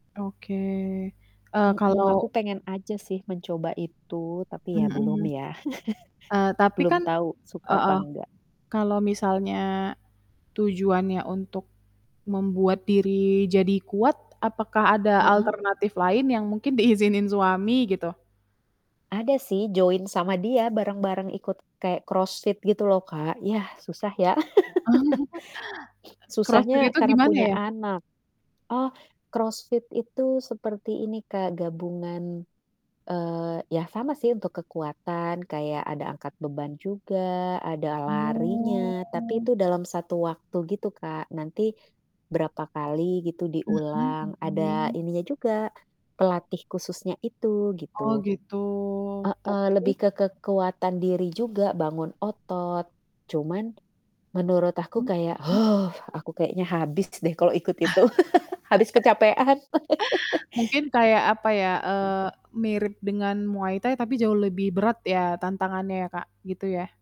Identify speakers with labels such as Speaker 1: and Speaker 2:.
Speaker 1: Oke, eee,
Speaker 2: Mhm. Aku
Speaker 1: kalau
Speaker 2: pengen aja sih mencoba itu, tapi ya belum
Speaker 1: Mhm.
Speaker 2: ya.
Speaker 1: Eee, tapi
Speaker 2: Belum
Speaker 1: kan
Speaker 2: tau suka apa
Speaker 1: heeh,
Speaker 2: enggak.
Speaker 1: kalau misalnya tujuannya untuk membuat diri jadi kuat apakah ada
Speaker 2: Heeh.
Speaker 1: alternatif lain yang mungkin diizinin suami gitu?
Speaker 2: Ada sih join sama dia, bareng-bareng ikut kaya CrossFit gitu lho Kak. Ya, susah ya.
Speaker 1: CrossFit
Speaker 2: Susahnya
Speaker 1: itu
Speaker 2: karena
Speaker 1: gimana
Speaker 2: punya
Speaker 1: ya?
Speaker 2: anak. Oh, CrossFit itu seperti ini Kak, gabungan eee, ya sama sih untuk kekuatan, kayak ada angkat beban juga, ada larinya, tapi
Speaker 1: Oh.
Speaker 2: itu dalam 1 waktu Kak, nanti berapa kali gitu
Speaker 1: Mhm
Speaker 2: diulang, ada
Speaker 1: mhm.
Speaker 2: ininya juga, pelatih khususnya itu
Speaker 1: Oh
Speaker 2: gitu.
Speaker 1: gitu,
Speaker 2: Heeh,
Speaker 1: tapi
Speaker 2: lebih ke kekuatan diri juga, bangun otot. Cuman menurut aku
Speaker 1: Mmm,
Speaker 2: kayak
Speaker 1: mhm.
Speaker 2: aku kayaknya habis deh kalau ikut itu. Habis kecapean.
Speaker 1: Mungkin kayak apa ya, eee, mirip dengan Muay Thai, tapi jauh lebih berat ya tantangannya Kak gitu ya?